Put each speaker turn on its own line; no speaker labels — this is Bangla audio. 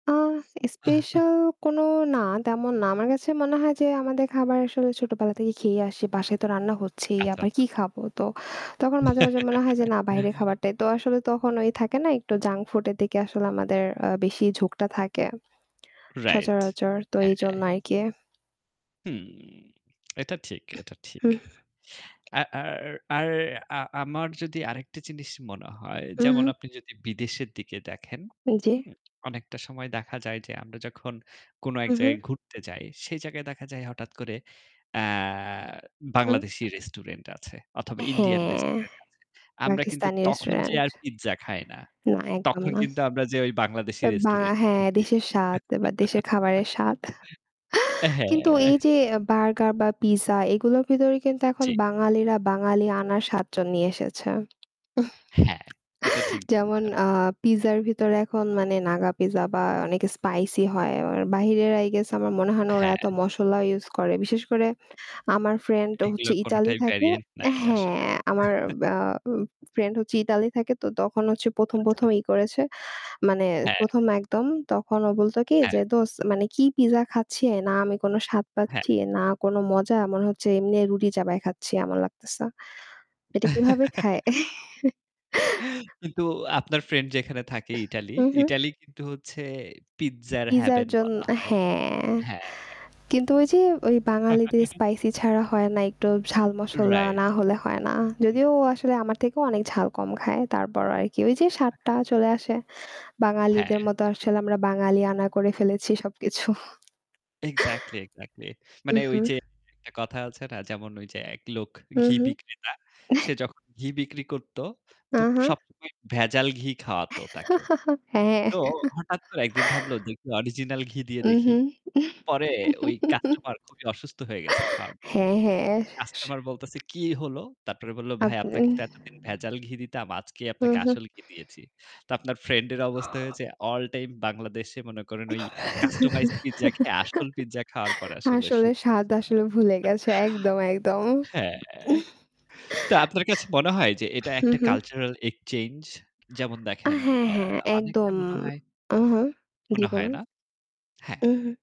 আ স্পেশাল কোনো না তেমন না। আমার কাছে মনে হয় যে আমাদের খাবার আসলে ছোটোবেলা থেকেই খেয়ে আসি। বাসায় তো রান্না হচ্ছেই
আচ্ছা,
আবার
আচ্ছা।
কী খাবো? তো তখন মাঝে, মাঝে মনে হয় যে না বাহিরে খাবারটাই তো আসলে তখন ওই থাকে না একটু জাঙ্ক ফুডের দিকে আসলে আমাদের আ বেশিই ঝোঁকটা থাকে
রাইট।
সচরাচর তো এইজন
হ্যাঁ।
আরকি।
হুম এটা ঠিক, এটা ঠিক।
হুম।
আর আর আরে আ আমার যদি আরেকটা জিনিস মনে হয়,
হু,
যেমন
হু।
আপনি যদি বিদেশের দিকে দেখেন,
উ জ্বি।
হুম? অনেকটা সময় দেখা যায় যে আমরা যখন কোন এক
হু, হু।
জায়গায় ঘুরতে যাই সেই জায়গায় দেখা যায় হঠাৎ করে অ্যা
হুম।
বাংলাদেশি রেস্টুরেন্ট আছে অথবা ইন্ডিয়ান
হ্যাঁ।
রেস্টুরেন্ট আছে। আমরা কিন্তু
পাকিস্তানি
তখন যেয়ে
রেস্টুরেন্ট।
আর পিজ্জা খাই না।
না একদম
তখন
না।
কিন্তু আমরা যেয়ে ওই বাংলাদেশি
আ বা
রেস্টুরেন্ট এ
হ্যাঁ,
ঢুকি।
দেশের স্বাদ বা দেশের খাবারের স্বাদ। কিন্তু এই
হ্যাঁ।
যে আ বার্গার বা পিজ্জা এগুলোর ভিতরে কিন্তু এখন
জ্বি।
বাঙালিরা বাঙালি আনার ৭ জন নিয়ে এসেছে।
হ্যাঁ, এটা ঠিক
যেমন
বলছেন।
আ পিজ্জার ভিতরে এখন মানে নাগা পিজ্জা বা অনেকে স্পাইসি হয়। অ বাহিরের আই গেস আমার মনে হয় না ওরা
হ্যাঁ।
এত মশলা use করে। বিশেষ করে আমার ফ্রেন্ড হচ্ছে
এগুলো
ইতালি
কোনটাই
থাকে।
ভেরিয়েন্ট নাই আসলে।
হ্যাঁ, আমার বা অ ফ্রেন্ড হচ্ছে ইতালি থাকে তো তখন হচ্ছে ১ম ১ম
আচ্ছা।
ই করেছে। মানে
হ্যাঁ।
১ম একদম। তখন ও বলত কি যে
হ্যাঁ।
"দোস্ত মানে কি পিজ্জা খাচ্ছে? না আমি কোন স্বাদ
হ্যাঁ।
পাচ্ছি, না কোন মজা। মনে হচ্ছে এমনি রুটি চাবাই খাচ্ছি এমন লাগতেছে। এটা কিভাবে খায়?"
কিন্তু আপনার ফ্রেন্ড যেখানে থাকে ইটালি।
হু, হু।
ইটালি কিন্তু হচ্ছে পিজ্জার
পিজ্জার
হেভেন
জন
বলা হয়।
হ্যাঁ,
হ্যাঁ।
কিন্তু ওই যে ওই বাঙালিদের স্পাইসি ছাড়া হয় না একটু ঝাল মশলা
রাইট।
না হলে হয় না।
হু।
যদিও ও আসলে আমার থেকেও অনেক ঝাল কম খায়। তারপরও আরকি ওই যে স্বাদটা চলে আসে। বাঙালিদের
হ্যাঁ।
মতো আসলে আমরা বাঙালি আনা করে ফেলেছি সবকিছু
এক্সাক্টলি, এক্সাক্টলি
উ
মানে
হু।
ওই যে [unintelligible] একটা কথা আছে না যেমন ওইযে একলোক
হু,
ঘি
হু।
বিক্রেতা। সে যখন ঘি বিক্রি করত
আ
তো
হা
সবসময় ভেজাল ঘি খাওয়াত তাকে।
হ্যাঁ
তো হঠাৎ করে একদিন ভাবল দেখি অরিজিনাল ঘি দিয়ে
উ
দেখি।
হুম।
পরে ওই কাস্টমার খুবই অসুস্থ হয়ে গেছে খাওয়ার জন্য।
হ্যাঁ, হ্যাঁ।
তো
স
কাস্টমার বলতেছে "কী হলো?" তারপরে বলল "ভাই
আপনি
আপনাকে তো এতদিন ভেজাল ঘি দিতাম। আজকেই
হু,
আপনাকে
হু।
আসল ঘি দিয়েছি।" তো আপনার ফ্রেন্ড এর অবস্থা হয়েছে আল টাইম বাংলাদেশে মনে করেন ওই customized pizza খেয়ে আসল পিজ্জা খাওয়ার পর আসলে
আসলে
শ্যুট
স্বাদ
করছে না।
আসলে ভুলে গেছে একদম, একদম।
হ্যাঁ। তো আপনার কাছে মনে হয় যে এটা
হু,
একটা
হু।
cultural exchange? যেমন
আ
দেখেন
হ্যাঁ,
অ্যা
হ্যাঁ,
অনেকটা
একদম।
মনে হয়
উ হু। জ্বি
মনে হয়,
বলুন?
না? হ্যাঁ।
উ হু।